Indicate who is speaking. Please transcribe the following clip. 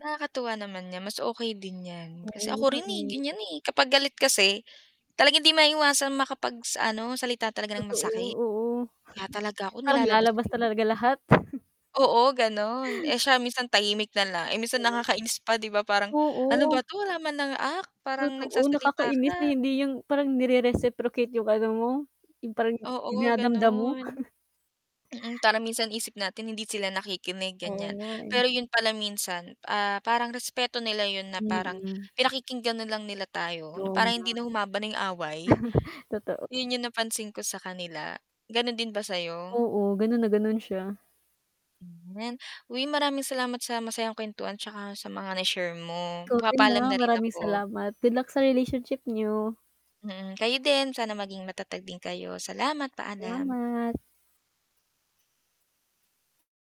Speaker 1: Nakakatuwa naman nga mas okay din 'yan.
Speaker 2: Oo
Speaker 1: Kasi ako
Speaker 2: nga
Speaker 1: rin, eh,
Speaker 2: eh.
Speaker 1: ganiyan, eh, kapag galit kasi, talagang hindi maiwasan makapag sa ano salita talaga ng
Speaker 2: Totoo,
Speaker 1: masakit.
Speaker 2: oo.
Speaker 1: Kaya talaga ako
Speaker 2: Parang
Speaker 1: nilalabas ko
Speaker 2: lalabas
Speaker 1: 'yung
Speaker 2: talaga lahat.
Speaker 1: Oo gano'n, eh, siya minsan tahimik na lang, eh minsan
Speaker 2: Mhm.
Speaker 1: nakakainis pa 'di ba parang, "Ano
Speaker 2: Oo.
Speaker 1: ba 'to wala man lang act, parang
Speaker 2: Totoo,
Speaker 1: nagsasalita ka"
Speaker 2: nakakainis na hindi 'yung parang nere-reciprocate 'yung ano mo 'yung parang
Speaker 1: Oo,
Speaker 2: dinadamdam mo.
Speaker 1: gano'n. Mm, parang minsan isip natin hindi sila nakikinig,
Speaker 2: Oo
Speaker 1: ganiyan.
Speaker 2: nga eh.
Speaker 1: Pero 'yun pala minsan, ah, parang respeto nila 'yun na parang
Speaker 2: Mm.
Speaker 1: pinakikinggan na lang nila tayo, na para
Speaker 2: 'Yon nga.
Speaker 1: hindi na humaba na 'yung away.
Speaker 2: Totoo.
Speaker 1: 'Yun 'yung napansin ko sa kanila, ganun din ba sa'yo?
Speaker 2: Oo, gano'n na gano'n siya.
Speaker 1: Hmm, 'yan. Uy maraming salamat sa masayang kuwentuhan 'tsaka sa mga na-share mo.
Speaker 2: Ikaw din ha.
Speaker 1: Magpapaalam na rin
Speaker 2: Maraming
Speaker 1: ako.
Speaker 2: salamat. Good luck sa relationship niyo.
Speaker 1: Mm, kayo din, sana maging matatag din kayo. Salamat, paalam.
Speaker 2: Salamat!